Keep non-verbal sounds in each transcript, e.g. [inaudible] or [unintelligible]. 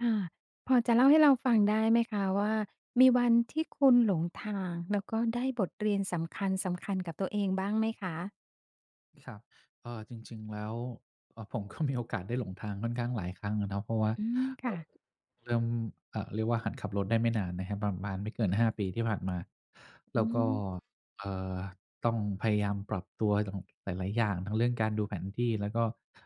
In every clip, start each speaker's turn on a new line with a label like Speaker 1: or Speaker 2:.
Speaker 1: อา พอจะเล่าให้เราฟังได้ไหมคะว่า มีวันที่คุณหลงทาง แล้วก็ได้บทเรียนสำคัญ ๆ กับตัวเองบ้างไหมคะ?
Speaker 2: ครับ เอ่อ จริง ๆ แล้ว เอ่อ ผม ก็มี โอกาสได้หลงทางค่อนข้างหลายครั้งอะนะ เพราะว่า
Speaker 1: อืม
Speaker 2: เ
Speaker 1: ค
Speaker 2: อ
Speaker 1: ่
Speaker 2: ่อ
Speaker 1: ะ
Speaker 2: เริ่ม เอ่อ เรียกว่าหัดขับรถได้ไม่นานนะครับ ประมาณไม่เกิน 5 ปีที่ผ่านมา แล
Speaker 1: อืม
Speaker 2: ้วก็ เอ่อ ต้องพยายามปรับตัวอย่าง หลาย ๆ อย่าง ทั้งเรื่องการดูแผนที่แล้วก็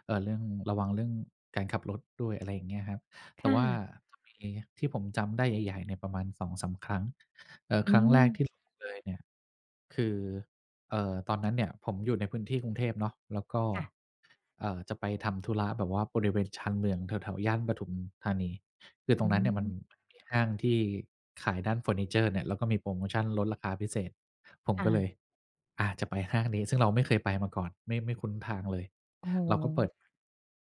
Speaker 2: เอ่อ เรื่องระวัง เรื่องการขับรถด้วย อะไรอย่างเงี้ยครับ แ
Speaker 1: ค
Speaker 2: ต่
Speaker 1: ่
Speaker 2: ว่า
Speaker 1: ะ
Speaker 2: จะมีที่ผมจำได้ใหญ่ ๆ เนี่ยประมาณ 2-3 ครั้ง เอ่อ ครั้งแ
Speaker 1: อืม
Speaker 2: รกที่หลงเลยเนี่ย คือ เอ่อ ตอนนั้นเนี่ยผมอยู่ในพื้นที่กรุงเทพเนาะ แล้วก็
Speaker 1: ค่ะ
Speaker 2: เอ่อ จะไปทำธุระแบบว่า บริเวณชานเมืองแถว ๆ ย่านปทุมธานี คือต
Speaker 1: อ
Speaker 2: ร
Speaker 1: ื
Speaker 2: งนั้นเนี่ยมัน
Speaker 1: ม
Speaker 2: มีห้างที่ขายด้านเฟอร์นิเจอร์เนี่ย แล้วก็มีโพรโมชันลดราคาพิเศษ ผม
Speaker 1: ค่
Speaker 2: ก็เลย
Speaker 1: ะ
Speaker 2: อา จะไปห้างนี้ ซึ่งเราไม่เคยไปมาก่อน ไม่ ไม่คุ้นทางเลย
Speaker 1: โอ้โ
Speaker 2: เราก็เปิ
Speaker 1: ฮ
Speaker 2: ด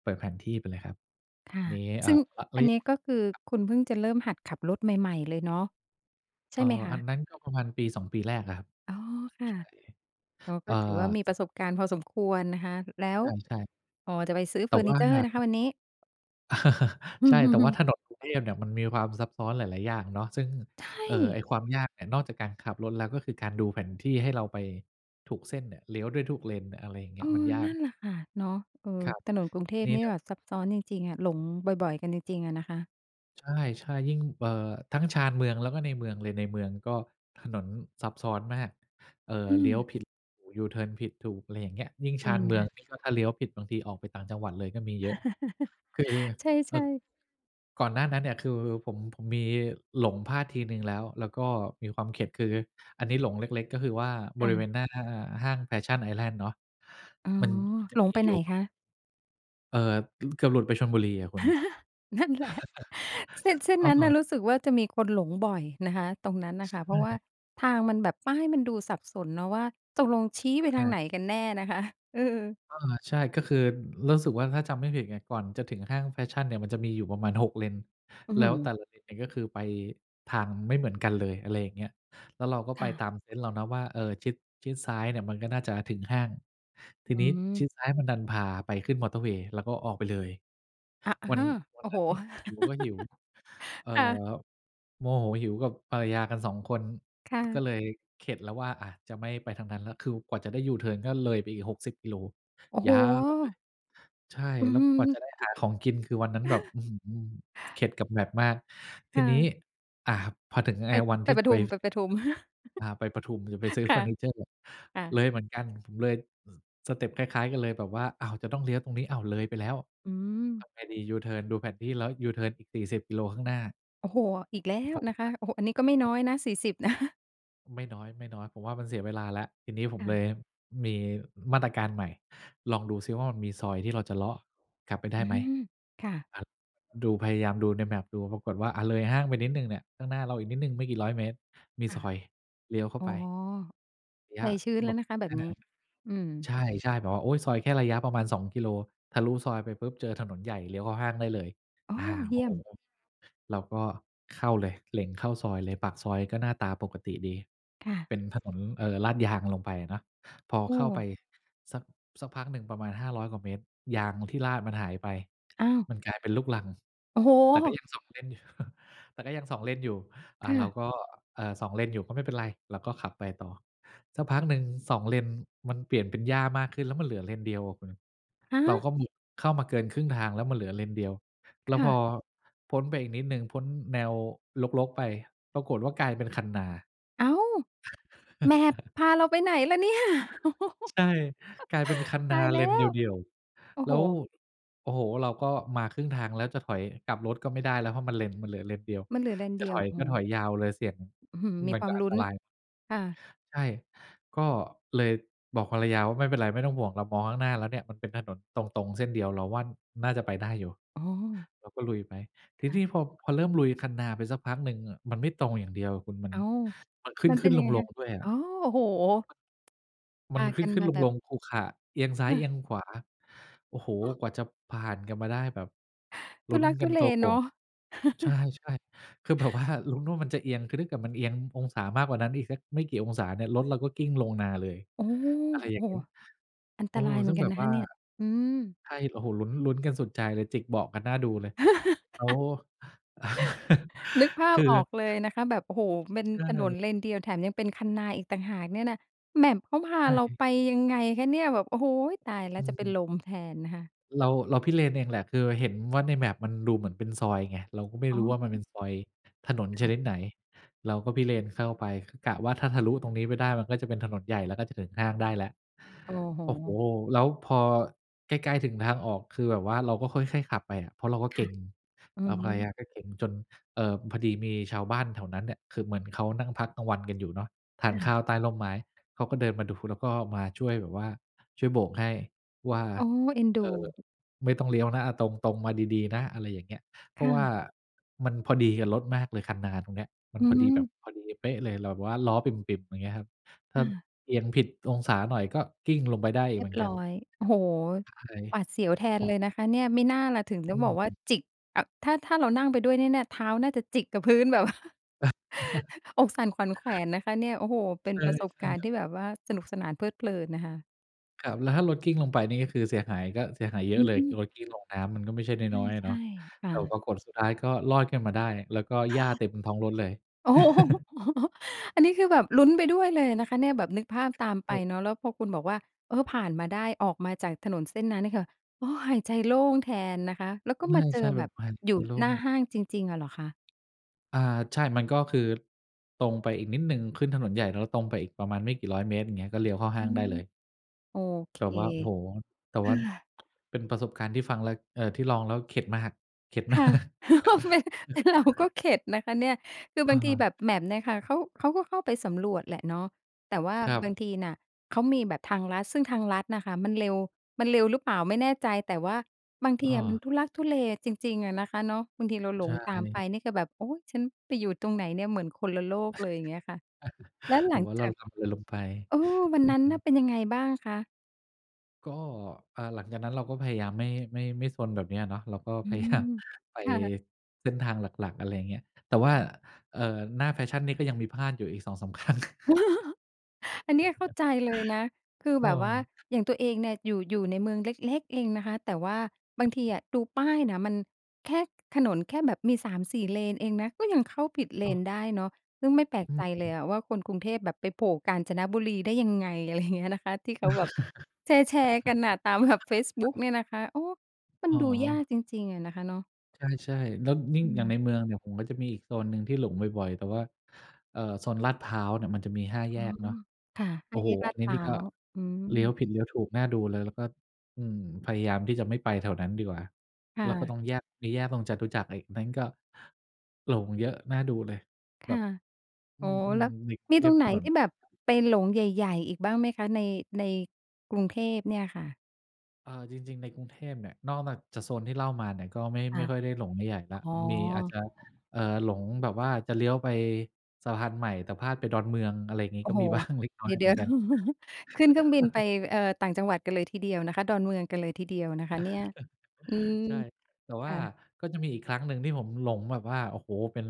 Speaker 2: เปิดแผนที่ไปเลยครับ นี้ เ
Speaker 1: ค่ะ ซึ่งอันนี้ก็คือ
Speaker 2: อ่อ ระยะ ครับ
Speaker 1: คุณเพิ่งจะเริ่มหัดขับรถใหม่ ๆ เลยเนาะ ใช
Speaker 2: เอ
Speaker 1: ่
Speaker 2: ่อ
Speaker 1: ไหมค
Speaker 2: อ
Speaker 1: ะ?
Speaker 2: ันนั้นก็ประมาณ 1-2 ปี แรกอะครับ
Speaker 1: อ๋อ ค่ะ
Speaker 2: ใช่
Speaker 1: อ๋อ ก
Speaker 2: เอ่
Speaker 1: ็
Speaker 2: อ
Speaker 1: ถือว่ามีประสบการณ์พอสมควรนะคะ แล้
Speaker 2: ใ
Speaker 1: ว
Speaker 2: ช่ ๆ
Speaker 1: อ๋อ จะไปซื้อ
Speaker 2: แต
Speaker 1: เฟ
Speaker 2: ่
Speaker 1: อร์
Speaker 2: ว
Speaker 1: นิ
Speaker 2: ่า
Speaker 1: เจอร์นะคะวันนี้
Speaker 2: [chuckles] ใช่ แต่ว่า
Speaker 1: [chuckles]
Speaker 2: ถนนกรุงเทพเนี่ยมันมีความซับซ้อนหลาย ๆ อย่างเนาะ ซึ่ง
Speaker 1: ใช
Speaker 2: เอ่อ ไ
Speaker 1: ่
Speaker 2: อ้ความยากเนี่ย นอกจากการขับรถแล้ว ก็คือการดูแผนที่ให้เราไปถูกเส้นเนี่ย เลี้ยวด้วยทุกเลนน่ะ อะไรอย่างเง
Speaker 1: เ
Speaker 2: ี้
Speaker 1: อ
Speaker 2: ย
Speaker 1: อ
Speaker 2: มันยา
Speaker 1: น
Speaker 2: ก
Speaker 1: ั่นแหละคะ เนาะ เออ
Speaker 2: ครับ
Speaker 1: ถนนกรุงเท
Speaker 2: ที
Speaker 1: พ
Speaker 2: นี้
Speaker 1: นี
Speaker 2: เ
Speaker 1: ่
Speaker 2: นี่ย
Speaker 1: แบบซับซ้อนจริง ๆ อะ หลงบ่อย ๆ กันจริง ๆ อะนะคะ
Speaker 2: ใช่ ๆ ยิ่ง เอ่อ ทั้งชานเมือง แล้วก็ในเมืองเลย ในเมืองก็ถนนซับซ้อนมาก เอ่อ
Speaker 1: อื
Speaker 2: เลี้ยว
Speaker 1: ม
Speaker 2: ผิด โอ้โฮ ยูเทิร์นผิดถูก อะไรอย่างเงี้ย ยิ่ง
Speaker 1: จ
Speaker 2: ช
Speaker 1: ริ
Speaker 2: าน
Speaker 1: ง
Speaker 2: เมื
Speaker 1: ค
Speaker 2: อ
Speaker 1: ่
Speaker 2: ง
Speaker 1: ะ
Speaker 2: นี่ ก็ถ้าเลี้ยวผิดบางทีออกไปต่างจังหวัดเลยก็มีเยอะ คือ
Speaker 1: [chuckles] ใช
Speaker 2: เออ
Speaker 1: ่ ๆ
Speaker 2: ก่อนหน้านั้นเนี่ย คือผม ผมมีหลงพลาดทีหนึ่งแล้ว แล้วก็มีความเข็ด คืออันนี้หลงเล็ก ๆ ก็คือว่า
Speaker 1: ค
Speaker 2: บ
Speaker 1: ่
Speaker 2: ริเว
Speaker 1: ะ
Speaker 2: ณหน้าห้างแฟชั่นไอส์แลนด์เนาะ
Speaker 1: อ๋อ
Speaker 2: มัน มันจะ
Speaker 1: หลง
Speaker 2: อย
Speaker 1: ไปไหน
Speaker 2: ู่
Speaker 1: คะ?
Speaker 2: เอ่อ ถึงเกือบหลุดไปชลบุรีอะคุณ
Speaker 1: [chuckles] นั่นแหละ เส้น เส
Speaker 2: [chuckles]
Speaker 1: ้น
Speaker 2: เอ
Speaker 1: นั้นน่ะ
Speaker 2: อ
Speaker 1: รู้สึกว่า จะมีคนหลงบ่อยนะคะ ตรงนั้นน่ะ
Speaker 2: ช
Speaker 1: ค่ะ เพราะว
Speaker 2: ใ
Speaker 1: ่า
Speaker 2: ช่
Speaker 1: ทางมันแบบ ป้ายมันดูสับสนเนาะว่า ตกลงชี้ไป
Speaker 2: ใช
Speaker 1: ทางไ
Speaker 2: ่
Speaker 1: หนกันแน่นะคะ? เออ
Speaker 2: อ อ่า ใช่ ก็คือรู้สึกว่าถ้าจำไม่ผิดเนี่ย ก่อนจะถึงห้างแฟชั่นเนี่ย มันจะมีอยู่ประมาณ 6 เลน
Speaker 1: อื้อ
Speaker 2: แล้
Speaker 1: ฮื
Speaker 2: วแต่
Speaker 1: อ
Speaker 2: ละเลนเนี่ย ก็คือไปทางไม่เหมือนกันเลย อะไรอย่างเงี้ย แล้วเราก็ไ
Speaker 1: ค
Speaker 2: ป
Speaker 1: ่ะ
Speaker 2: ตามเซนส์เราเนาะว่า เออ ชิด ชิดซ้ายเนี่ย มันก็น่าจะถึงห้าง ที
Speaker 1: อ
Speaker 2: นี้
Speaker 1: ื
Speaker 2: ชิ
Speaker 1: ม
Speaker 2: ดซ้ายมันดันพาไปขึ้นมอเตอร์เวย์ แล้วก็ออกไปเลย
Speaker 1: อะ อะ
Speaker 2: วั
Speaker 1: ฮ
Speaker 2: น
Speaker 1: ะ
Speaker 2: ว
Speaker 1: โ
Speaker 2: ั
Speaker 1: อ
Speaker 2: น
Speaker 1: ้
Speaker 2: นั
Speaker 1: โฮ
Speaker 2: ้นหิวก็หิว เ
Speaker 1: [chuckles]
Speaker 2: อ่อ
Speaker 1: ค่ะ
Speaker 2: โมโหหิวกับภรรยากัน 2 คน
Speaker 1: ค่
Speaker 2: ก็
Speaker 1: ะ
Speaker 2: เลยเข็ดแล้วว่า อะ จะไม่ไปทางนั้นแล้ว คือกว่าจะได้ยูเทิร์นก็เลยไปอีก 60 กิโล
Speaker 1: โอ้โ
Speaker 2: ย
Speaker 1: ฮ
Speaker 2: าวเลย ใช่
Speaker 1: อื้อ
Speaker 2: แล้
Speaker 1: ฮ
Speaker 2: ว
Speaker 1: ื
Speaker 2: กว่า
Speaker 1: อ
Speaker 2: จะได้หาของกิน คือวันนั้นแบบ
Speaker 1: [chuckles]
Speaker 2: อื้อฮือ เข็ดกับ map มาก ท
Speaker 1: ค
Speaker 2: ี
Speaker 1: ่
Speaker 2: นี้
Speaker 1: ะ
Speaker 2: อะ พอถึงไ
Speaker 1: ไ
Speaker 2: อ ไอ
Speaker 1: ป
Speaker 2: วัน
Speaker 1: ไป
Speaker 2: ที่
Speaker 1: ปท
Speaker 2: ไ
Speaker 1: ุ
Speaker 2: ป
Speaker 1: ม ไปปทุม
Speaker 2: อ
Speaker 1: [chuckles]
Speaker 2: ่า ไปปทุม คือไปซื้อ
Speaker 1: ค
Speaker 2: เ
Speaker 1: ่
Speaker 2: ฟ
Speaker 1: ะ
Speaker 2: อร์นิเจอร์
Speaker 1: ค่
Speaker 2: เ
Speaker 1: ะ
Speaker 2: ลยเหมือนกัน เลย สเต็ปคล้าย ๆ กันเลย แบบว่า อ้าว จะต้องเลี้ยวตรงนี้ อ้าว เลยไปแล้ว
Speaker 1: อื
Speaker 2: ท
Speaker 1: ม
Speaker 2: ำไงดี? ยูเทิร์น ดูแผนที่แล้วยูเทิร์นอีก 40 กิโลข้างหน้า
Speaker 1: โอ้โฮ อีกแล
Speaker 2: อ
Speaker 1: ้
Speaker 2: ือ
Speaker 1: ว
Speaker 2: ผม
Speaker 1: นะค
Speaker 2: อ
Speaker 1: ะ
Speaker 2: ะ
Speaker 1: โอ้โฮ อันนี้ก็ไม่
Speaker 2: ก
Speaker 1: น
Speaker 2: ็
Speaker 1: ้อยนะ 40 นะคะ
Speaker 2: ไม่น้อย ๆ ผมว่ามันเสียเวลาแล้ว ทีนี้ผม
Speaker 1: ค่
Speaker 2: เ
Speaker 1: ะ
Speaker 2: ลยมีมาตรการใหม่ ลองดูซิว่า มันมีซอยที่เราจะเลาะกลับไป ได
Speaker 1: อ
Speaker 2: ้
Speaker 1: ื
Speaker 2: ไหม
Speaker 1: ม ค่ะ
Speaker 2: ครับ ดูพยายามดูใน Map ดูปรากฏว่า อะ เลยห้างไปนิดหนึ่งเนี่ย ข้างหน้าเราอีกนิดหนึ่งไม่กี่ 100 เมตร มี
Speaker 1: อะ
Speaker 2: ซอยเลี้ยวเข้
Speaker 1: อ
Speaker 2: า
Speaker 1: ๋อ
Speaker 2: ไป เง
Speaker 1: ใ
Speaker 2: ี
Speaker 1: จ
Speaker 2: ้ย
Speaker 1: ชื้นแ
Speaker 2: แ
Speaker 1: ล
Speaker 2: บ
Speaker 1: ้ว
Speaker 2: บ
Speaker 1: นะคะแบบนี้
Speaker 2: [unintelligible]
Speaker 1: อื
Speaker 2: ใช
Speaker 1: ม
Speaker 2: ่ ๆ แบบว่า โอ๊ย ซอยแค่ระยะประมาณ 2 กิโล ทะลุซอยไป ปุ๊บ! เจอถนนใหญ่ เลี้ยวเข้าห้างได้เลย
Speaker 1: โอ้!
Speaker 2: อา
Speaker 1: เ
Speaker 2: โ
Speaker 1: ย
Speaker 2: อ
Speaker 1: ี
Speaker 2: ้
Speaker 1: ่ย
Speaker 2: โฮ
Speaker 1: ม
Speaker 2: เราก็เข้าเลย เล็งเข้าซอยเลย ปากซอยก็หน้าตาปกติดี
Speaker 1: ค่ะ
Speaker 2: เป็นถนน เออ ลาดยางลงไปอะเนาะ พอ
Speaker 1: อื
Speaker 2: เข้าไป
Speaker 1: ม
Speaker 2: สัก สักพักหนึ่งประมาณ 500 กว่าเมตร ยางที่ลาดมันหายไป
Speaker 1: อ้าว
Speaker 2: มันกลายเป็นลูกรัง
Speaker 1: โอ้โ
Speaker 2: แต่ก็
Speaker 1: ฮ!
Speaker 2: ยัง 2 เลนอยู่ [chuckles] แต่ก็ยัง 2 เลนอยู่ อ่
Speaker 1: ค
Speaker 2: า
Speaker 1: ่
Speaker 2: เรา
Speaker 1: ะ
Speaker 2: ก็ เอ่อ 2 เลนอยู่ก็ไม่เป็นไร เราก็ขับไปต่อ สักพักหนึ่ง 2 เลนมันเปลี่ยนเป็นหญ้ามากขึ้น แล้วมันเหลือเลนเดียวอะคุณ
Speaker 1: ฮ
Speaker 2: เรา
Speaker 1: ะ
Speaker 2: ก็บุกเข้ามาเกินครึ่งทางแล้ว มันเหลือเลนเดียว แ
Speaker 1: ค
Speaker 2: ล้ว
Speaker 1: ่
Speaker 2: พ
Speaker 1: ะ
Speaker 2: อพ้นไปอีกนิดหนึ่ง พ้นแนวรก ๆ ไป ปรากฏว่ากลายเป็นคันนา
Speaker 1: อ้าว! Map
Speaker 2: [chuckles]
Speaker 1: พาเราไปไหนล่ะ เนี่ย? [chuckles]
Speaker 2: ใช่ กลายเป็นคัน
Speaker 1: ต
Speaker 2: นา
Speaker 1: ายแ
Speaker 2: เ
Speaker 1: ล
Speaker 2: ล
Speaker 1: ้
Speaker 2: นเด
Speaker 1: ว
Speaker 2: ี่ยว
Speaker 1: โอ้
Speaker 2: ๆ แล้
Speaker 1: โฮ
Speaker 2: ว โอ้โฮ! เราก็มาครึ่งทางแล้ว จะถอยกลับรถก็ไม่ได้แล้ว เพราะมันเลน มันเหลือเลนเดียว
Speaker 1: มันเหลือเลน
Speaker 2: จะ
Speaker 1: เดี
Speaker 2: ถ
Speaker 1: ย
Speaker 2: อ
Speaker 1: ว
Speaker 2: ย
Speaker 1: อื
Speaker 2: ก็ถ
Speaker 1: อ
Speaker 2: อยยาวเลย เสี่ยง
Speaker 1: อื้อฮือ มี
Speaker 2: มัน
Speaker 1: คว
Speaker 2: ก
Speaker 1: า
Speaker 2: ็
Speaker 1: ม
Speaker 2: อั
Speaker 1: ล
Speaker 2: น
Speaker 1: ุ
Speaker 2: ต
Speaker 1: ้น
Speaker 2: ราย
Speaker 1: ค่ะ
Speaker 2: ใช่ ก็เลยบอกภรรยาว่า ไม่เป็นไร ไม่ต้องห่วง เรามองข้างหน้าแล้วเนี่ย มันเป็นถนนตรง ๆ เส้นเดียว เราว่าน่าจะไปได้อยู่
Speaker 1: อ๋อ
Speaker 2: เราก็ลุยไป ที
Speaker 1: ค่
Speaker 2: น
Speaker 1: ะ
Speaker 2: ี้พอ พอเริ่มลุยคันนาไปสักพักหนึ่ง มันไม่ตรงอย่างเดียวอะคุณ มั
Speaker 1: อ
Speaker 2: น
Speaker 1: ้าว
Speaker 2: มันข
Speaker 1: มันเป็
Speaker 2: ึ
Speaker 1: น
Speaker 2: ้น
Speaker 1: ยั
Speaker 2: ๆ
Speaker 1: งไง
Speaker 2: ล
Speaker 1: คะ?
Speaker 2: ง ๆ ด้วยอ
Speaker 1: อ๋
Speaker 2: ะ
Speaker 1: อ โอ้โฮ!
Speaker 2: ม
Speaker 1: พ
Speaker 2: ัน
Speaker 1: า
Speaker 2: ข
Speaker 1: กัน
Speaker 2: ึ้
Speaker 1: ม
Speaker 2: น
Speaker 1: าแบ
Speaker 2: ๆ ล
Speaker 1: บ
Speaker 2: ง ๆ ขรุขระ เอียงซ้า
Speaker 1: ค
Speaker 2: ย
Speaker 1: ่
Speaker 2: เอี
Speaker 1: ะ
Speaker 2: ยงขวา โอ้โฮ!
Speaker 1: โอ้!
Speaker 2: กว่าจะผ่านกันมาได้แบบ
Speaker 1: ท
Speaker 2: ลุ
Speaker 1: ุ
Speaker 2: ้น
Speaker 1: ลัก
Speaker 2: ก
Speaker 1: ท
Speaker 2: ั
Speaker 1: ุ
Speaker 2: น
Speaker 1: เ
Speaker 2: ต
Speaker 1: ล
Speaker 2: ัวโก
Speaker 1: เ
Speaker 2: ่
Speaker 1: น
Speaker 2: ง
Speaker 1: าะ
Speaker 2: ใช
Speaker 1: [chuckles]
Speaker 2: ่ ๆ คือ แบบว่า ลุ้นว่ามันจะเอียง คือถ้าเกิดมันเอียงองศามากกว่านั้นอีกสักไม่กี่องศาเนี่ย รถเราก็กลิ้งลงนาเลย
Speaker 1: โอ้!
Speaker 2: อะไรอ
Speaker 1: โ
Speaker 2: ย
Speaker 1: อ
Speaker 2: ่
Speaker 1: ้
Speaker 2: างเงี
Speaker 1: โฮ
Speaker 2: ้ย
Speaker 1: อัน
Speaker 2: โอ
Speaker 1: ต
Speaker 2: ้โ
Speaker 1: ร
Speaker 2: ฮ
Speaker 1: ายเหม
Speaker 2: ซึ
Speaker 1: ื
Speaker 2: ่
Speaker 1: อน
Speaker 2: ง
Speaker 1: ก
Speaker 2: แ
Speaker 1: ั
Speaker 2: บ
Speaker 1: น
Speaker 2: บ
Speaker 1: นะค
Speaker 2: ว่
Speaker 1: ะ
Speaker 2: า
Speaker 1: เนี่ย อืม
Speaker 2: ใช่ โอ้โฮ ลุ้น ลุ้นกันสุดใจเลย จิกเบาะกันน่าดูเลย แล้ว
Speaker 1: [laughs]
Speaker 2: [chuckles]
Speaker 1: นึกภา
Speaker 2: ค
Speaker 1: พ
Speaker 2: ื
Speaker 1: ออ
Speaker 2: อ
Speaker 1: กเลยนะคะ แบบ โอ้โฮ! เป็น
Speaker 2: ใช
Speaker 1: ถนน
Speaker 2: ่
Speaker 1: เลนเดียว แถมยังเป็นคันนาอีกต่างหากเนี่ยนะ Map เขาพ
Speaker 2: ใ
Speaker 1: า
Speaker 2: ช
Speaker 1: เรา
Speaker 2: ่
Speaker 1: ไปยังไงคะเนี่ย? แบบ โอ้โฮ! ตายแล
Speaker 2: อ
Speaker 1: ้วจะเป็น
Speaker 2: ืม
Speaker 1: ลมแทนนะคะ
Speaker 2: เรา เราพิเรนทร์เองแหละ คือเห็นว่าใน Map มันดูเหมือนเป็นซอยไง เราก็ไม่
Speaker 1: อ๋
Speaker 2: รู้ว่ามันเป็
Speaker 1: อ
Speaker 2: นซอยถนนช
Speaker 1: ค่ะ
Speaker 2: นิดไหน เราก็พิเรนทร์เข้าไป คือกะว่า ถ้าทะลุตรงนี้ไปได้ มันก็จะเป็นถนนใหญ่ แล้วก็จะถึงห้างได้แล้ว
Speaker 1: โอ้โ
Speaker 2: โอ้โฮ!
Speaker 1: ฮ
Speaker 2: แล้วพอใกล้ ๆ ถึงทางออก คือแบบว่าเราก็ค่อย ๆ ขับไปอะ เพราะเราก็
Speaker 1: ค
Speaker 2: เก
Speaker 1: ่
Speaker 2: ร
Speaker 1: ะ
Speaker 2: ็ง
Speaker 1: อื
Speaker 2: อ่
Speaker 1: อ
Speaker 2: า ภ
Speaker 1: ฮ
Speaker 2: รรย
Speaker 1: ึ
Speaker 2: าก็เกร็งจน เอ่อ พอดีมีชาวบ้านแถวนั้นเนี่ย คือเหมือนเขานั่งพักกลางวันกันอยู่เนาะ ทา
Speaker 1: ค
Speaker 2: น
Speaker 1: ่
Speaker 2: ข้
Speaker 1: ะ
Speaker 2: าวใต้ร่มไม้ เขาก็เดินมาดู แล้วก็มาช่วยแบบว่า ช่วยโบกให้ว่า
Speaker 1: อ๋อ เอ็นด
Speaker 2: เอ
Speaker 1: ู
Speaker 2: อ ไม่ต้องเลี้ยวนะ อะ ตรง ตรงมาดี ๆ นะ อะไรอย่างเงี้ย เพ
Speaker 1: ค
Speaker 2: ราะ
Speaker 1: ่
Speaker 2: ว่า
Speaker 1: ะ
Speaker 2: มันพอดีกับรถมากเลยคันนานตรงเนี้ย มัน
Speaker 1: อื
Speaker 2: พอดีแบ
Speaker 1: ม
Speaker 2: บพอดี เป๊ะ! เลย เราแบบว่าล้อปริ่ม ๆ อย่างเงี้ยครับ ถ้
Speaker 1: ค
Speaker 2: า
Speaker 1: ่ะ
Speaker 2: เอียงผิดองศาหน่อย ก็กลิ้งลงไปได้อี
Speaker 1: เร
Speaker 2: กเ
Speaker 1: ี
Speaker 2: ห
Speaker 1: ย
Speaker 2: มื
Speaker 1: บ
Speaker 2: อนก
Speaker 1: ร
Speaker 2: ัน
Speaker 1: ้อย โอ้โฮ! หว
Speaker 2: [unintelligible]
Speaker 1: าดเสียวแทน
Speaker 2: โอ้
Speaker 1: เ
Speaker 2: โ
Speaker 1: ล
Speaker 2: ฮ
Speaker 1: ยนะคะเนี่ย ไม่น่าล่ะ ถึงได้
Speaker 2: อื
Speaker 1: บอกว่า
Speaker 2: ม
Speaker 1: จิก แบบ ถ้า ถ้าเรานั่งไปด้วย แน่ ๆ เท้าน่าจะจิกกับพื้น แบบว่า
Speaker 2: [chuckles]
Speaker 1: [chuckles] อกสั่นขวัญแขวนนะคะเนี่ย โอ้โฮ! เป็
Speaker 2: ใ
Speaker 1: น
Speaker 2: ช่
Speaker 1: ประสบ
Speaker 2: ใช่
Speaker 1: การณ์ที่แบบว่า สนุกสนาน เพลิดเพลินนะคะ
Speaker 2: ครับ แล้วถ้ารถกลิ้งลงไปนี่ คือเสียหาย ก็เสียหายเยอ
Speaker 1: อ
Speaker 2: ะเลย
Speaker 1: ือ
Speaker 2: รถกลิ้งลงน้ำ มันก็ไม่ใช่น้อย
Speaker 1: ใ
Speaker 2: ๆ
Speaker 1: ช
Speaker 2: เนา
Speaker 1: ่
Speaker 2: ะ
Speaker 1: ๆ ค่
Speaker 2: แต่
Speaker 1: ะ
Speaker 2: ปรากฏสุดท้ายก็รอดขึ้นมาได้ แล้วก็
Speaker 1: ค
Speaker 2: หญ
Speaker 1: ่
Speaker 2: ้า
Speaker 1: ะ
Speaker 2: เต็มท้องรถเลย
Speaker 1: โอ้โฮ
Speaker 2: [chuckles]
Speaker 1: [chuckles] อันนี้ คือแบบลุ้นไปด้วยเลยนะคะเนี่ย แบบนึกภาพตามไ
Speaker 2: ค
Speaker 1: ป
Speaker 2: รับ
Speaker 1: เนาะ แล้วพอคุณบอกว่า เออ ผ่านมาได้ ออกมาจากถนนเส้นนั้นนี่ค่ะ โอ้ หายใจโล่งแทนนะคะ แล้วก็
Speaker 2: น
Speaker 1: ม
Speaker 2: ่า
Speaker 1: า
Speaker 2: จะ
Speaker 1: เจ
Speaker 2: ใช
Speaker 1: อ
Speaker 2: ่ แบ
Speaker 1: แบ
Speaker 2: บ
Speaker 1: บ
Speaker 2: ห
Speaker 1: อยู
Speaker 2: อ
Speaker 1: ่
Speaker 2: ิ โล่
Speaker 1: หน้า
Speaker 2: ง
Speaker 1: ห้างจริง ๆ อะ เหรอคะ?
Speaker 2: อา ใช่ มันก็คือ ตรงไปอีกนิดหนึ่ง ขึ้นถนนใหญ่ แล้วตรงไปอีกประมาณไม่กี่ร้อยเมตรอย่างเงี้ย ก็เลี้ยวเข้าห้
Speaker 1: อื
Speaker 2: างได
Speaker 1: ม
Speaker 2: ้เลย
Speaker 1: โอเค
Speaker 2: แต่ว่า โอ้โฮ แต่ว่า
Speaker 1: [sighs]
Speaker 2: เป็นประสบการณ์ที่ฟังแล้ว เอ่อ ที่ลองแล้วเข็ดมาก เข็ด
Speaker 1: ค
Speaker 2: มา
Speaker 1: ่ะ
Speaker 2: ก
Speaker 1: ไม่ ไอ้เราก็
Speaker 2: [chuckles]
Speaker 1: เข็ดนะคะเนี่ย คือ
Speaker 2: อ
Speaker 1: บ
Speaker 2: ะ
Speaker 1: างท
Speaker 2: ฮ
Speaker 1: ี
Speaker 2: ะ
Speaker 1: แบบ Map เนี่ยคะ เขา เขาก็เข้าไปสำรวจแหละเนาะ แต่ว่า
Speaker 2: ครั
Speaker 1: บา
Speaker 2: บ
Speaker 1: งทีน่ะ เขามีแบบทางลัด ซึ่งทางลัดน่ะคะ มันเร็ว มันเร็วหรือเปล่าไม่แน่ใจ แต่ว่าบางที
Speaker 2: อ
Speaker 1: อะมัน
Speaker 2: า
Speaker 1: ทุลักทุเลจริง ๆ อะนะคะเนาะ บางทีเราหล
Speaker 2: ใช
Speaker 1: งตามไป
Speaker 2: ่
Speaker 1: นี่คือแบบ โอ้ ฉันไปอยู่ตรงไหนเนี่ย เหมือนคนละโลกเลย อย่างเงี้ยคะ
Speaker 2: [chuckles]
Speaker 1: แล้ว
Speaker 2: แ
Speaker 1: ห
Speaker 2: บ
Speaker 1: ลั
Speaker 2: บ
Speaker 1: ง
Speaker 2: ว่าเ
Speaker 1: จ
Speaker 2: ร
Speaker 1: า
Speaker 2: า
Speaker 1: ก
Speaker 2: ทำอะไรลงไป
Speaker 1: เออ วัน
Speaker 2: อื
Speaker 1: นั้นน่ะ
Speaker 2: ม
Speaker 1: เป็นยังไงบ้างคะ?
Speaker 2: ก็ อ่า หลังจากนั้นเราก็พยายามไม่ ไม่ ไม่ซนแบบเนี้ยเนาะ เราก็
Speaker 1: อื
Speaker 2: พยายา
Speaker 1: ม
Speaker 2: ม ไป
Speaker 1: ค่ะ
Speaker 2: เส้นทางหลัก ๆ อะไรอย่างเงี้ย แต่ว่า
Speaker 1: อืม
Speaker 2: เอ่อ หน้าแฟชั่นนี่ ก็ยังมีพลาดอยู่อีก 2-3 ครั้ง
Speaker 1: อันนี้เข้า
Speaker 2: [chuckles]
Speaker 1: ใจเลยนะ คือ
Speaker 2: ก
Speaker 1: แบบ
Speaker 2: ็
Speaker 1: ว่าอย่างตัวเองเนี่ย อยู่ อยู่ในเมืองเล็ก ๆ เองนะคะ แต่ว่าบางทีอะดูป้ายน่ะมันแค่ ถนนแค่ แบบมี 3-4 เลนเองนะ ก็ยังเข้าผิดเล
Speaker 2: อ้าว!
Speaker 1: นได้เนาะ ซึ่งไม่แปลก
Speaker 2: อื
Speaker 1: ใจ
Speaker 2: อ
Speaker 1: เ
Speaker 2: ฮ
Speaker 1: ลย
Speaker 2: ึ
Speaker 1: อะว่า คนกรุงเทพไปโผล่กาญจนบุรีได้ยังไง อะไร เงี้ย นะคะ ที่เขาแบบแชร์
Speaker 2: [chuckles]
Speaker 1: ๆ กันน่ะ ตามแบบฟซบุ๊กเน
Speaker 2: [unintelligible]
Speaker 1: ี่ยนะคะ โอ้ มั
Speaker 2: อ
Speaker 1: น
Speaker 2: ๋
Speaker 1: ดูยา
Speaker 2: อ
Speaker 1: กจริง ๆ อะนะคะเนาะ
Speaker 2: ใช่ ๆ แล้วยิ่
Speaker 1: อ
Speaker 2: ง อย่างใน
Speaker 1: ืม
Speaker 2: เมืองเนี่ย ผมก็จะมีอีกโซนหนึ่งที่หลงบ่อย ๆ แต่ว่า เอ่อ โซนลาดพร้าวเนี่ย มันจะมี 5 แย
Speaker 1: อ๋อ
Speaker 2: กเนาะ
Speaker 1: ค่ะ
Speaker 2: โอ
Speaker 1: ห้
Speaker 2: ้
Speaker 1: า
Speaker 2: โฮ!
Speaker 1: แยกล
Speaker 2: อ
Speaker 1: า
Speaker 2: ัน
Speaker 1: ด
Speaker 2: นี้
Speaker 1: พร้
Speaker 2: นี
Speaker 1: า
Speaker 2: ่ก็
Speaker 1: ว อื
Speaker 2: เลี้ยว
Speaker 1: ม
Speaker 2: ผิดเลี้ยวถูกน่าดูเลย แล้วก็ อืม พยายามที่จะไม่ไปแถวนั้นดีกว่า
Speaker 1: ค่
Speaker 2: แล้วก็
Speaker 1: ะ
Speaker 2: ตรงแยก ไอ้แยกตรงจตุจักรอีกนั้นก็หลงเยอะน่าดูเลยแ
Speaker 1: ค
Speaker 2: บ
Speaker 1: ่
Speaker 2: บ
Speaker 1: ะ
Speaker 2: อื
Speaker 1: อ๋อ
Speaker 2: ม
Speaker 1: แล้ว
Speaker 2: ๆ
Speaker 1: มี
Speaker 2: [unintelligible] เรี
Speaker 1: ต
Speaker 2: ย
Speaker 1: ร
Speaker 2: บ
Speaker 1: งไ
Speaker 2: ถ
Speaker 1: หน
Speaker 2: น
Speaker 1: ที
Speaker 2: น
Speaker 1: ่แบบเป็นหลงใหญ่ ๆ อีกบ้างไหมคะ ใน ในกรุงเทพเนี่ยค่ะ?
Speaker 2: เออ จริง ๆ ในกรุงเทพเนี่ย นอกจาก จากโซนที่เล่ามาเนี่ย ก็ไม่
Speaker 1: ค
Speaker 2: ไม
Speaker 1: ่ะ
Speaker 2: ่ค่อยได้หลงใหญ่ ๆ แล้
Speaker 1: อ
Speaker 2: ว
Speaker 1: ๋อ
Speaker 2: มีอาจจะ เอ่อ หลงแบบว่าจะเลี้ยวไปสะพานใหม่ แต่พลาดไปดอนเมือง อะไรอย่างงี้
Speaker 1: โอ
Speaker 2: ก
Speaker 1: ้
Speaker 2: ็
Speaker 1: โฮ!
Speaker 2: มี บ้าง เล็กน้อ
Speaker 1: เด
Speaker 2: ยเห
Speaker 1: ี
Speaker 2: ม
Speaker 1: ๋
Speaker 2: ือ
Speaker 1: ยว
Speaker 2: น
Speaker 1: ๆ
Speaker 2: กัน
Speaker 1: [chuckles] ขึ้นเครื่องบินไป
Speaker 2: [chuckles]
Speaker 1: เอ่อ ต่างจังหวัดกันเลยทีเดียวนะคะ ดอนเมืองกันเลยทีเดียวนะคะเนี่ย อืม
Speaker 2: [chuckles] ใช่ แต่ว
Speaker 1: ค
Speaker 2: ่า
Speaker 1: ะ
Speaker 2: ก็จะมีอีกครั้งหนึ่งที่ ผมหลงแบบว่า โอ้โฮ! เป็น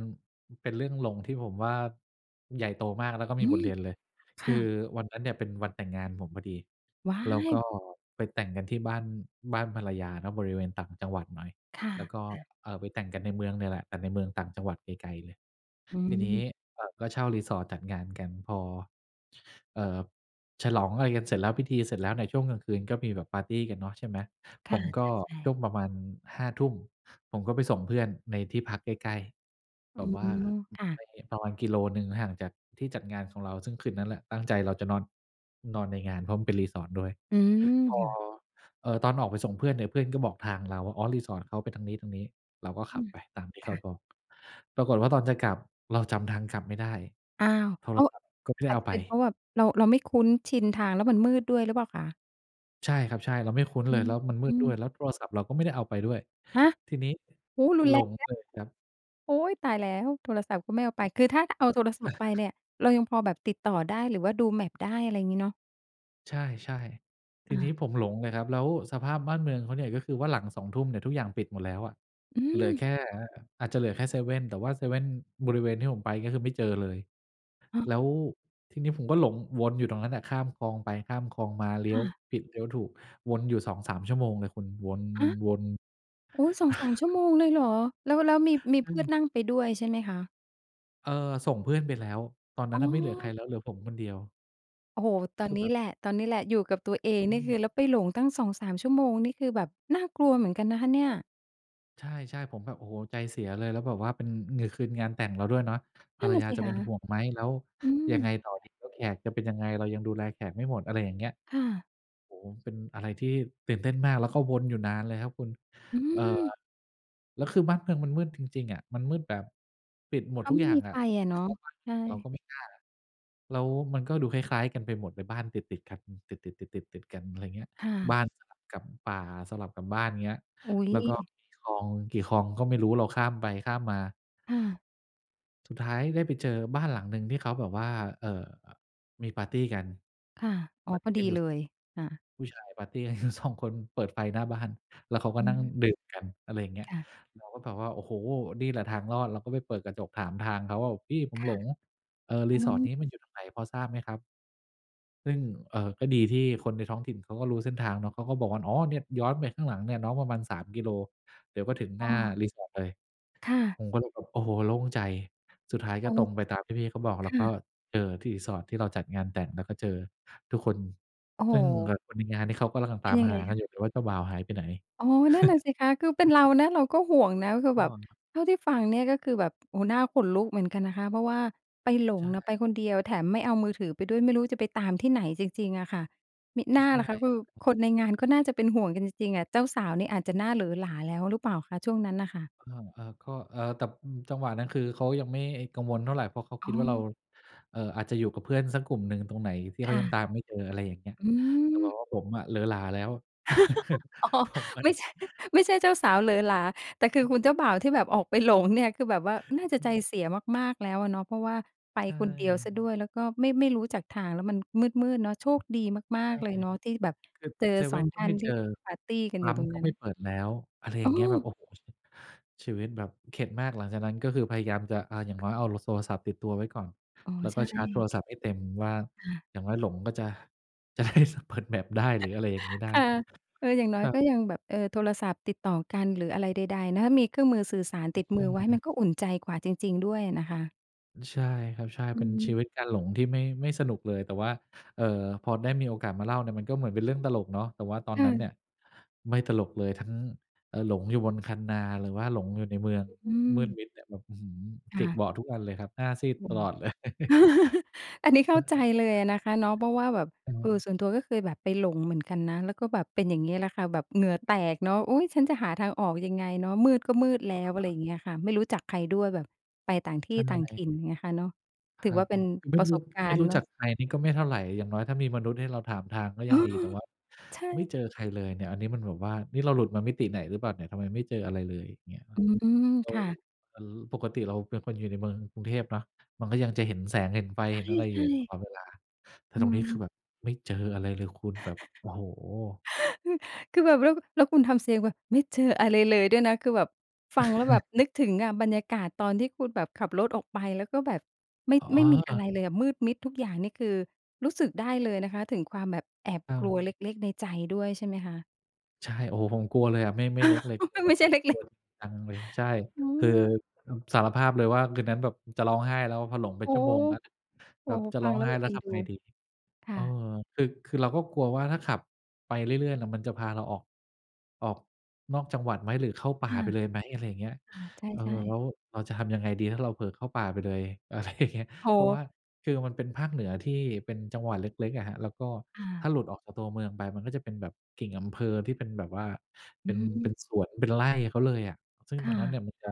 Speaker 2: เป็นเรื่องหลงที่ผมว่าใหญ่โตมาก แล้วก็
Speaker 1: อ
Speaker 2: ม
Speaker 1: ื
Speaker 2: ีบ
Speaker 1: ม
Speaker 2: ทเรียนเลย
Speaker 1: ค
Speaker 2: ค
Speaker 1: ่
Speaker 2: ือ
Speaker 1: ะ
Speaker 2: วันนั้นเนี่ยเป็นวันแต่งงานผมพอดี
Speaker 1: ว้า
Speaker 2: แล้วก็
Speaker 1: ย!
Speaker 2: ไปแต่งกันที่บ้าน บ้านภรรยาเนาะ บริเวณต่างจังหวัดหน่อย
Speaker 1: ค่ะ
Speaker 2: แล้วก็
Speaker 1: ๆ
Speaker 2: เอ่อ ไปแต่งกันในเมืองเนี่ยแหละ แต่ในเมืองต่างจังหวัดไกล ๆ เลย
Speaker 1: อื
Speaker 2: ทีนี้
Speaker 1: ม
Speaker 2: อ่า ก็เช่า resort จัดงานกันพอ เอ่อ ฉลองอะไรกันเสร็จแล้ว พิธีเสร็จแล้ว ในช่วงกลางคืนก็มีแบบปาร์ตีกันเนาะ ใช่ไหม
Speaker 1: ค
Speaker 2: ผ
Speaker 1: ่ะ
Speaker 2: มก
Speaker 1: ใ
Speaker 2: ็
Speaker 1: ช่
Speaker 2: ช
Speaker 1: ๆ
Speaker 2: ่วงประมาณ 5 ทุ่ม ผมก็ไปส่งเพื่อนในที่พักใกล้ ๆ
Speaker 1: อ
Speaker 2: แ
Speaker 1: ื
Speaker 2: บบว่า
Speaker 1: ม ค่ะ
Speaker 2: ไปประมาณกิโลหนึ่งห่างจากที่จัดงานของเรา ซึ่งคืนนั้นแหละตั้งใจเราจะนอน นอนในงาน เพราะมันเป็น resort ด้วย
Speaker 1: อืม
Speaker 2: พอ
Speaker 1: ค่ะ
Speaker 2: เอ่อ ตอนออกไปส่งเพื่อนเนี่ย เพื่อนก็บอกทางเราว่า อ๋อ resort เขาไปทางนี้ ๆ เราก็ข
Speaker 1: อ
Speaker 2: ั
Speaker 1: ื
Speaker 2: บ
Speaker 1: ม
Speaker 2: ไปตามที่เ
Speaker 1: ค
Speaker 2: ขา
Speaker 1: ่ะ
Speaker 2: บอก ปรากฏว่าตอนจะกลับ เราจำทางกลับไม่ได้
Speaker 1: อ้าว!
Speaker 2: โท
Speaker 1: อ
Speaker 2: ร
Speaker 1: ้าว
Speaker 2: ศัพท์ก็ไม่ได
Speaker 1: อ
Speaker 2: ้
Speaker 1: า
Speaker 2: เ
Speaker 1: จ
Speaker 2: อา
Speaker 1: จะ
Speaker 2: ไ
Speaker 1: เ
Speaker 2: ป
Speaker 1: ป็นเพราะว่าเรา เราไม่คุ้นชินทาง แล้วมันมืดด้วยหรือเปล่าคะ?
Speaker 2: ใช่ครับ ใช่ เราไม่คุ้น
Speaker 1: อ
Speaker 2: เล
Speaker 1: ื
Speaker 2: ย
Speaker 1: ม
Speaker 2: แล้วมันมื
Speaker 1: อื
Speaker 2: ดด้วย
Speaker 1: ม
Speaker 2: แล้วโทรศัพท์เราก็ไม่ได้เอาไปด้วย
Speaker 1: ฮะ!
Speaker 2: ทีนี้
Speaker 1: โอ้โฮ! รุน
Speaker 2: หล
Speaker 1: แรง
Speaker 2: ง
Speaker 1: น
Speaker 2: เ
Speaker 1: ะ
Speaker 2: ลยครับ
Speaker 1: โอ๊ย! ตายแล้ว โทรศัพท์ก็ไม่เอาไป คือถ้าเอาโทรศัพท์ไปเ
Speaker 2: [chuckles]
Speaker 1: นี่ย เรายังพอแบบติดต่อได้ หรือว่าดู map ได้ อะไรอย่างงี้เนาะ
Speaker 2: ใช่ ๆ ที
Speaker 1: อ
Speaker 2: นี้
Speaker 1: า
Speaker 2: ผมหลงเลยครับ แล้วสภาพบ้านเมืองเขาเนี่ย ก็คือว่าหลัง 20:00 เนี่ย ทุกอย่างปิดหมดแล้วอะ
Speaker 1: อื
Speaker 2: เหลือแ
Speaker 1: ม
Speaker 2: ค่ อาจจะเหลือแค่เซเว่น แต่ว่าเซเว่นบริเวณที่ผมไปก็คือไม่เจอเลย
Speaker 1: ฮะ
Speaker 2: แล้วทีนี้ผมก็หลงวนอยู่ตรงนั้นแหละ ข้ามคลองไปข้ามคลองมา เล
Speaker 1: ค
Speaker 2: ี้ย
Speaker 1: ่
Speaker 2: ว
Speaker 1: ะ
Speaker 2: ผิดเลี้ยวถูก วนอยู่ 2-3 ชั่วโมงเลยคุณ ว
Speaker 1: ฮะ!
Speaker 2: น ๆ
Speaker 1: อุ๊ย 2-3
Speaker 2: [chuckles]
Speaker 1: ชั่วโมงเลยเหรอ แล้ว แล้วมี มี
Speaker 2: อ
Speaker 1: เพ
Speaker 2: ื
Speaker 1: ื่อ
Speaker 2: ม
Speaker 1: นนั่งไปด้วยใช่ไหมคะ?
Speaker 2: เออ ส่งเพื่อนไปแล้ว ตอนนั
Speaker 1: อ
Speaker 2: ้น
Speaker 1: ๋
Speaker 2: น่ะไม่เหลือใคร
Speaker 1: อ
Speaker 2: แล้ว เหลือผมคนเดียว
Speaker 1: โอ้โฮ! ต
Speaker 2: ค
Speaker 1: อ
Speaker 2: ื
Speaker 1: น
Speaker 2: อ
Speaker 1: น
Speaker 2: แ
Speaker 1: ี
Speaker 2: บ
Speaker 1: ้
Speaker 2: บ
Speaker 1: แหละ ตอนนี้แหละ อยู่กับตัวเอง
Speaker 2: อ
Speaker 1: นี่ค
Speaker 2: ืม
Speaker 1: ือ แล้วไปหลงตั้ง 2-3 ชั่วโมง นี่คือแบบน่ากลัวเหมือนกันนะคะเนี่ย
Speaker 2: ใช่ ๆ ผมแบบ โอ้โฮ ใจเสียเลย แล้วแบบว่า เป็น คืนงานแต่งเราด้วยเนาะ ภ
Speaker 1: น
Speaker 2: ร
Speaker 1: ั่
Speaker 2: ร
Speaker 1: นน่ะ
Speaker 2: ยา
Speaker 1: สิ
Speaker 2: จะ
Speaker 1: ค
Speaker 2: เป็
Speaker 1: ะ
Speaker 2: นห่วงไหม? แล้ว
Speaker 1: อื
Speaker 2: ยังไ
Speaker 1: ม
Speaker 2: งต่อดี? แล้วแขกจะเป็นยังไง? เรายังดูแลแขกไม่หมด อะไรอย่างเงี้ย
Speaker 1: ค่ะ
Speaker 2: โอ้โฮ เป็นอะไรที่ตื่นเต้นมาก แล้วก็วนอยู่นานเลยครับคุณ
Speaker 1: อื
Speaker 2: เอ่อ
Speaker 1: ม
Speaker 2: แล้วคือบ้านเมืองมันมืดจริง ๆ อะ มันมืดแบบปิดหม
Speaker 1: เ
Speaker 2: ด
Speaker 1: ขา
Speaker 2: ทุก
Speaker 1: ไม
Speaker 2: อ
Speaker 1: ่
Speaker 2: ย่า
Speaker 1: ม
Speaker 2: ง
Speaker 1: ี
Speaker 2: อ
Speaker 1: ไ
Speaker 2: ะ
Speaker 1: ฟ
Speaker 2: จะ
Speaker 1: อะ
Speaker 2: ไป
Speaker 1: เนา
Speaker 2: เค
Speaker 1: ะ
Speaker 2: าะบ้านค
Speaker 1: ใช
Speaker 2: นอื่นเรา
Speaker 1: ่
Speaker 2: ก็ไม่กล้า แล้วมันก็ดูคล้าย ๆ กันไปหมด เป็นบ้านติด ๆ กัน ติด ๆ ๆ ๆ ๆ กัน อะไรเงี้ย
Speaker 1: ค่ะ
Speaker 2: บ้านสลับกับป่า สลับกับบ้านเงี้ย
Speaker 1: อุ๊
Speaker 2: แล้วก็
Speaker 1: ย
Speaker 2: มีคลองกี่คลองก็ไม่รู้ เราข้ามไปข้ามมา
Speaker 1: ค่ะ
Speaker 2: สุดท้ายได้ไปเจอบ้านหลังหนึ่ง ที่เขาแบบว่า เอ่อ มีปาร์ตีกัน
Speaker 1: ค่ะ อ๋
Speaker 2: ป
Speaker 1: อ
Speaker 2: าร์ต
Speaker 1: พ
Speaker 2: ี
Speaker 1: อด
Speaker 2: กั
Speaker 1: ี
Speaker 2: นอยู
Speaker 1: เ
Speaker 2: ่
Speaker 1: ลย อา
Speaker 2: ผู้ชายปาร์ตีกัน อยู่ 2 คน เปิดไฟหน้าบ้าน แล้วเขาก็
Speaker 1: อื
Speaker 2: นั่ง
Speaker 1: อ
Speaker 2: ดื่มกัน อะไรอย่างเงี้ย
Speaker 1: ค่ะ
Speaker 2: เราก็แบบว่า โอ้โฮ นี่แหละทางรอด เราก็ไปเปิดกระจกถามทางเขาว่า "พี่ผม
Speaker 1: ค่
Speaker 2: หล
Speaker 1: ะ
Speaker 2: ง เออ
Speaker 1: อ๋
Speaker 2: resort น
Speaker 1: อ
Speaker 2: ี้มันอยู่ตรงไหน พอทราบไหมครับ?" ซึ่ง เอ่อ ก็ดีที่คนในท้องถิ่นเขาก็รู้เส้นทางเนาะ เขาก็บอกว่า "อ๋อ เนี่ย ย้อนไปข้างหลังเนี่ย น้องประมาณ 3 กิโล เดี๋ยวก็ถึงห
Speaker 1: อ
Speaker 2: น
Speaker 1: ้
Speaker 2: ้า
Speaker 1: อ
Speaker 2: resort เลย"
Speaker 1: ค่ะ
Speaker 2: ผมก็เลยแบบ โอ้โฮ โล่งใจ สุดท้ายก
Speaker 1: โอ
Speaker 2: ็
Speaker 1: ้
Speaker 2: ตรงไปตามที่พี่เขาบอก แ
Speaker 1: ค
Speaker 2: ล้ว
Speaker 1: ่
Speaker 2: ก็
Speaker 1: ะ
Speaker 2: เจอที่ resort ที่เราจัดงานแต่ง แล้วก็เจอทุกคน
Speaker 1: โอ้โ
Speaker 2: ซึ่ง ค
Speaker 1: ฮ!
Speaker 2: คนในงานนี่ เขาก็กำลัง
Speaker 1: เ
Speaker 2: ต
Speaker 1: ป็
Speaker 2: า
Speaker 1: น
Speaker 2: ม
Speaker 1: ยัง
Speaker 2: ห
Speaker 1: ไง
Speaker 2: ากั
Speaker 1: ค
Speaker 2: น
Speaker 1: ะ?
Speaker 2: อยู่เลยว่า เจ้าบ่าวหายไปไหน
Speaker 1: อ๋อ นั่นน่ะสิคะ คือเป็น
Speaker 2: [chuckles]
Speaker 1: เรานะ เราก็ห่วงนะ คือ
Speaker 2: อ
Speaker 1: แ
Speaker 2: ๋
Speaker 1: บบ
Speaker 2: อ
Speaker 1: เท่าที่ฟังเนี่ย ก็คือแบบ โอ้โฮ น่าขนลุกเหมือนกันนะคะ เพราะว่าไปหล
Speaker 2: ใ
Speaker 1: ง
Speaker 2: ช
Speaker 1: น่ะ
Speaker 2: ่
Speaker 1: ไปคนเดียวแถมไม่เอามือถือไปด้วย ไม่รู้จะไปตามที่ไหนจริง ๆ อะค่ะ มิน่
Speaker 2: ใ
Speaker 1: า
Speaker 2: ช่
Speaker 1: ล่ะคะ คือ
Speaker 2: [unintelligible]
Speaker 1: คนในงานก็น่าจะเป็นห่วงกันจริง ๆ อะ เจ้าสาวเนี่ยอาจจะหน้าเหลอหลาแล้วหรือเปล่าคะ ช่วงนั้นน่ะค่ะ?
Speaker 2: เออ ๆ ก็ เออ แต่ อืม จังหวะนั้น คือเขายังไม่กังวลเท่าไร เพราะเขา
Speaker 1: อ
Speaker 2: ค
Speaker 1: ๋
Speaker 2: ิดว่าเรา
Speaker 1: อ
Speaker 2: เอ่อ อาจจะอยู่กับเพื่อนสักกลุ่มหนึ่งตรงไหนที่เข
Speaker 1: ค
Speaker 2: า
Speaker 1: ่
Speaker 2: ยัง
Speaker 1: ะ
Speaker 2: ตามไม่เจอ อะไรอย่างเงี้ย
Speaker 1: อื
Speaker 2: แต่ว่า
Speaker 1: ม
Speaker 2: ผมอะ เหลอหลาแล้ว
Speaker 1: [laughs]
Speaker 2: [chuckles]
Speaker 1: อ๋อ
Speaker 2: ผมอะ
Speaker 1: ไม่ใช่ ไม่ใช่เจ้าสาวเหลอหลา แต่คือคุณเจ้าบ่าวที่แบบออกไปหลงเนี่ย คือแบบว่าน่าจ
Speaker 2: ใ
Speaker 1: ะใจ
Speaker 2: ช่
Speaker 1: เสียมาก ๆ แล้วอะเนาะ เพราะว่าไป
Speaker 2: ใช
Speaker 1: คนเดียวเ
Speaker 2: ่
Speaker 1: สียด้วย แล้วก็ไม่ ไม่รู้จักทาง แล้วมันมืด ๆ เนาะ โชคดีมา
Speaker 2: ใช
Speaker 1: ก
Speaker 2: ่
Speaker 1: ๆ เลยเนาะ ที่แบบ
Speaker 2: คือ
Speaker 1: เจอ
Speaker 2: เซเ
Speaker 1: ส
Speaker 2: ว
Speaker 1: อ
Speaker 2: ่
Speaker 1: ง
Speaker 2: นก
Speaker 1: ท
Speaker 2: ็
Speaker 1: ่า
Speaker 2: ไม
Speaker 1: น
Speaker 2: ่
Speaker 1: ท
Speaker 2: เ
Speaker 1: ี
Speaker 2: จ
Speaker 1: ่
Speaker 2: อ
Speaker 1: ปาร์ตีกัน
Speaker 2: ป
Speaker 1: อยู
Speaker 2: ั
Speaker 1: ่
Speaker 2: ๊ม
Speaker 1: ตรง
Speaker 2: ก็
Speaker 1: นั้
Speaker 2: ไม่
Speaker 1: น
Speaker 2: เปิดแล้ว อะไรอย
Speaker 1: อ
Speaker 2: ่
Speaker 1: ้
Speaker 2: างเงี้ย แบบ
Speaker 1: อ
Speaker 2: โอ้โฮ ชี ชีวิตแบบเข็ดมาก หลังจากนั้นก็คือพยายามจะ อะ อย่างน้อยเอาโล โทรศัพท์ ติดตัวไว้ก่อน
Speaker 1: อ๋อ
Speaker 2: แล้ว
Speaker 1: ใช
Speaker 2: ก็ชาร์จโท
Speaker 1: ่
Speaker 2: รศัพท์ให้เต็ม ว่า
Speaker 1: ค่ะ
Speaker 2: อย่างน้อยหลงก็จะ จะได้ ส เปิด map ได้ หรืออะไรอย่างนี้
Speaker 1: [chuckles]
Speaker 2: ได้
Speaker 1: ค่ะ เออ อย่างน้
Speaker 2: ค
Speaker 1: อย
Speaker 2: รั
Speaker 1: ก็
Speaker 2: บ
Speaker 1: ยังแบบ เออ โทรศัพท์ติดต่อกัน หรืออะไรใด ๆ นะ มีเครื่องมือสื่อสาร
Speaker 2: อ
Speaker 1: ต
Speaker 2: ื
Speaker 1: ิ
Speaker 2: อ
Speaker 1: ด
Speaker 2: ใ
Speaker 1: ม
Speaker 2: ช
Speaker 1: ือไว้มั
Speaker 2: ่
Speaker 1: นก็อุ่นใจกว่าจริง ๆ ด้วยอะนะคะ
Speaker 2: ใช่ครับ ใช่
Speaker 1: อ
Speaker 2: เ
Speaker 1: ื
Speaker 2: ป็
Speaker 1: อ
Speaker 2: น
Speaker 1: ฮ
Speaker 2: ชี
Speaker 1: ึ
Speaker 2: วิตการหลงที่ไม่ ไม่สนุกเลย แต่ว่า เอ่อ พอได้มีโอกาสมาเล่าเนี่ย มันก็เหมือนเป็นเรื่องตลกเนาะ แต่ว่าตอน
Speaker 1: ค่
Speaker 2: นั้นเน
Speaker 1: ะ
Speaker 2: ี่ย ไม่ตลกเลย ทั้ง เออ หลงอยู่บนคันนา หรือว่าหลงอยู่ในเมือง
Speaker 1: อื
Speaker 2: มืด
Speaker 1: ม
Speaker 2: มิดแบบ อื้อฮือ
Speaker 1: ค
Speaker 2: จ
Speaker 1: ่
Speaker 2: ิก
Speaker 1: ะ
Speaker 2: เบาะทุกอันเลยครับ หน้าซีด
Speaker 1: อื
Speaker 2: ต
Speaker 1: ม
Speaker 2: ลอด เลย [chuckles]
Speaker 1: [chuckles] อันนี้เข้
Speaker 2: ฮ
Speaker 1: า
Speaker 2: ะ
Speaker 1: ใจเลยอะนะคะเนาะ เพราะว่าแบบ
Speaker 2: อือฮ
Speaker 1: เ
Speaker 2: ึ
Speaker 1: ออ ส่วนตัวก็เคยแบบไปหลงเหมือนกันนะ แล้วก็แบบเป็นอย่างงี้แหละค่ะ แบบเหงื่อแตกเนาะ อุ๊ย ฉันจะหาทางออกยังไงเนาะ มืดก็มืดแล้ว อะไร
Speaker 2: [unintelligible]
Speaker 1: เงี้ยค่ะ ไม่รู้จักใครด้วยแบบไปต่างที
Speaker 2: ช
Speaker 1: ่
Speaker 2: ั้น
Speaker 1: ต่
Speaker 2: อ
Speaker 1: า
Speaker 2: ะ
Speaker 1: ง
Speaker 2: ไร?
Speaker 1: ถิ่น เงี้ยค่ะเนาะ
Speaker 2: ค
Speaker 1: ถือ
Speaker 2: รั
Speaker 1: ว
Speaker 2: บ
Speaker 1: ่าเป็น
Speaker 2: ไม
Speaker 1: ป
Speaker 2: ่
Speaker 1: ระ
Speaker 2: ร
Speaker 1: ส
Speaker 2: ู้
Speaker 1: บกา
Speaker 2: ไม่
Speaker 1: รณ
Speaker 2: ร
Speaker 1: ์
Speaker 2: ู้
Speaker 1: เนา
Speaker 2: จั
Speaker 1: ะ
Speaker 2: กใครนี่ก็ไม่เท่าไร อย่างน้อยถ้ามีมนุษย์ให้เราถามทางก็
Speaker 1: เอ
Speaker 2: ยั
Speaker 1: อ
Speaker 2: งดี แต่ว่า
Speaker 1: ใช
Speaker 2: ไม่
Speaker 1: ่
Speaker 2: เจอใครเลยเนี่ย อันนี้มันแบบว่า นี่เราหลุดมามิติไหนหรือเปล่าเนี่ย ทำไมไม่เจออะไรเลย เงี้ยคร
Speaker 1: อ
Speaker 2: ับ
Speaker 1: ืม
Speaker 2: แล้
Speaker 1: ค
Speaker 2: ว
Speaker 1: ่ะ
Speaker 2: แล้วปกติเราเป็นคนอยู่ในเมืองกรุงเทพเนาะ มันก็ยังจะเห็นแสง เห็นไฟ
Speaker 1: ใ
Speaker 2: เห็นอะไร
Speaker 1: ช
Speaker 2: อยู
Speaker 1: ่
Speaker 2: ่ต
Speaker 1: ๆ
Speaker 2: ลอดเวลา แต่
Speaker 1: อื
Speaker 2: ตรงนี้ ค
Speaker 1: ม
Speaker 2: ือแบบไม่เจออะไรเลยคุณแบบ โอ้โฮ
Speaker 1: [chuckles] อือ คือแบบแล้ว แล้วคุณทำเสียงแบบไม่เจออะไรเลยด้วยนะ คือแบบฟังแล้วแบ
Speaker 2: [chuckles]
Speaker 1: บนึกถึงอะ บรรยากาศตอนที่คุณแบบขับรถออกไป แล้วก็แบบ ไม่
Speaker 2: อ๋อ
Speaker 1: ไม
Speaker 2: เอ
Speaker 1: ่
Speaker 2: อ
Speaker 1: มี
Speaker 2: เอ
Speaker 1: อะไร
Speaker 2: อ
Speaker 1: เลยอะ มืดมิดทุกอย่างนี่ คือรู้สึกได้เลยนะคะ ถึงความแบบแอบ
Speaker 2: อ้า
Speaker 1: กลั
Speaker 2: ว
Speaker 1: วเล็ก ๆ ในใจด้วยใช่ไหมคะ?
Speaker 2: ใช่ โอ้โฮ ผมกลัวเลยอะ ไม่ ไม่เล็กเลย กลัว
Speaker 1: [laughs]
Speaker 2: แบ
Speaker 1: ไม
Speaker 2: บ
Speaker 1: ่ใช่เล
Speaker 2: กลั
Speaker 1: ็
Speaker 2: ว
Speaker 1: ก ๆ
Speaker 2: จริงจังเลย ใช่
Speaker 1: อื
Speaker 2: คือ
Speaker 1: ม
Speaker 2: สารภาพเลยว่า คืนนั้นแบบจะร้องไห้แล้ว พอหลงเป็
Speaker 1: โอ
Speaker 2: น
Speaker 1: ้
Speaker 2: ชั่วโมงแล้วเนี่ย
Speaker 1: โอ
Speaker 2: แบ
Speaker 1: ้
Speaker 2: บ
Speaker 1: โฮ
Speaker 2: จะ
Speaker 1: ฟ
Speaker 2: ร
Speaker 1: ั
Speaker 2: ้อ
Speaker 1: ง
Speaker 2: ง
Speaker 1: แล้
Speaker 2: ไ
Speaker 1: ว
Speaker 2: ห้
Speaker 1: แบบ
Speaker 2: แล้
Speaker 1: เอ
Speaker 2: ว
Speaker 1: ็น
Speaker 2: ท
Speaker 1: ดู
Speaker 2: ำไงดี
Speaker 1: ค
Speaker 2: เ
Speaker 1: ่
Speaker 2: ออ
Speaker 1: ะ
Speaker 2: คือ คือเราก็กลัวว่าถ้าขับไปเรื่อย ๆ เนี่ยมันจะพาเราออก ออกนอกจังหวัดไหม หรือเข้าป่
Speaker 1: ค
Speaker 2: า
Speaker 1: ่ะ
Speaker 2: ไปเลยไหม อะไรอย่างเงี้ย
Speaker 1: อา ใ
Speaker 2: เออ
Speaker 1: ช่
Speaker 2: แล้
Speaker 1: ๆ
Speaker 2: วเราจะทำยังไงดีถ้าเราเผลอเข้าป่าไปเลย อะไรอย่างเงี้ย
Speaker 1: โอ้
Speaker 2: เพรา
Speaker 1: โ
Speaker 2: ะว่า
Speaker 1: ฮ
Speaker 2: คือมันเป็นภาคเหนือที่เป็นจังหวัดเล็ก ๆ อะครับ แล้วก็
Speaker 1: อ
Speaker 2: ถ้
Speaker 1: า
Speaker 2: าหลุดออกจากตัวเมืองไปมันก็จะเป็นแบบกิ่งอำเภอที่เป็นแบบว่า เ
Speaker 1: อ
Speaker 2: ป
Speaker 1: ื
Speaker 2: ็น เป็
Speaker 1: ม
Speaker 2: นสวน เป็นไร่เขาเลยอะ ซึ่ง
Speaker 1: ค
Speaker 2: ตร
Speaker 1: ่
Speaker 2: งนั้นเ
Speaker 1: ะ
Speaker 2: นี่ยมันจะ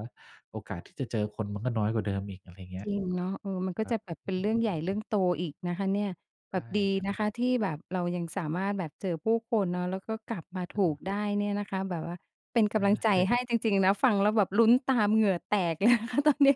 Speaker 2: โอกาสที่จะเจอคนมันก็น้อยกว่าเดิมอีก อะไรเงี้
Speaker 1: จ
Speaker 2: ย
Speaker 1: ริงเนาะ เออ มันก็
Speaker 2: ครั
Speaker 1: จะ
Speaker 2: บ
Speaker 1: แบบ
Speaker 2: อ
Speaker 1: เ
Speaker 2: ื
Speaker 1: ป็นเรื่องใหญ
Speaker 2: ม
Speaker 1: ่เรื่องโตอีกนะคะเนี้ย แบบดี
Speaker 2: ใช
Speaker 1: นะ
Speaker 2: ่
Speaker 1: ค
Speaker 2: ๆ
Speaker 1: ะที่แบบเรายังสามารถแบบเจอผู้คนเนาะ แล้วก็กลับมา
Speaker 2: อ
Speaker 1: ถ
Speaker 2: ื
Speaker 1: ูก
Speaker 2: ม
Speaker 1: ได้เนี้ยนะคะ แบบว่าเป็นกำลังใจ
Speaker 2: ใช่
Speaker 1: ให้จริง ๆ นะ ฟังแล้วแบบลุ้นตามเหงื่อแตก เลยนะคะตอนนี้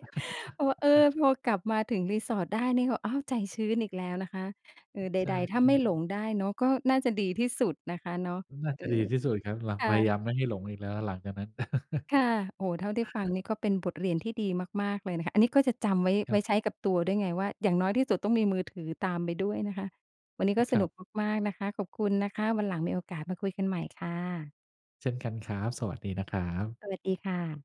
Speaker 1: เพราะว่า เออ พอกลับมาถึงรีสอร์ทได้นี่ก็ อ้าว ใจชื้นอีกแล้วนะคะ เออ ใ
Speaker 2: ใช่
Speaker 1: ด ๆ ถ้าไม่
Speaker 2: ๆ
Speaker 1: หลงได้เนาะ ก็น่าจะดีที่สุดนะคะเนาะ
Speaker 2: น่า
Speaker 1: เ
Speaker 2: จ
Speaker 1: อ
Speaker 2: ะดี
Speaker 1: อ
Speaker 2: ที่สุดครับ หลัง
Speaker 1: ค
Speaker 2: พ
Speaker 1: ่
Speaker 2: ยาย
Speaker 1: ะ
Speaker 2: ามไม่ให้หลงอีกแล้วหลังจากนั้น [chuckles]
Speaker 1: ค่ะ โอ้โฮ เท่าที่ฟังนี่ก็เป็นบทเรียนที่ดีมาก ๆ เลยนะคะ อันนี้ก็จะจำไว้
Speaker 2: ค
Speaker 1: ไว
Speaker 2: รั
Speaker 1: ้
Speaker 2: บ
Speaker 1: ใช้กับตัวด้วยไงว่า อย่างน้อยที่สุดต้องมีมือถือตามไปด้วยนะคะ วันนี้ก็
Speaker 2: ค
Speaker 1: ส
Speaker 2: ร
Speaker 1: น
Speaker 2: ั
Speaker 1: ุ
Speaker 2: บ
Speaker 1: กมาก ๆ นะคะ ขอบคุณนะคะ วันหลังมีโอกาสมาคุยกันใหม่ค่ะ
Speaker 2: เช่นกันครับ สวัสดีนะครับ
Speaker 1: สวัสดีค่ะ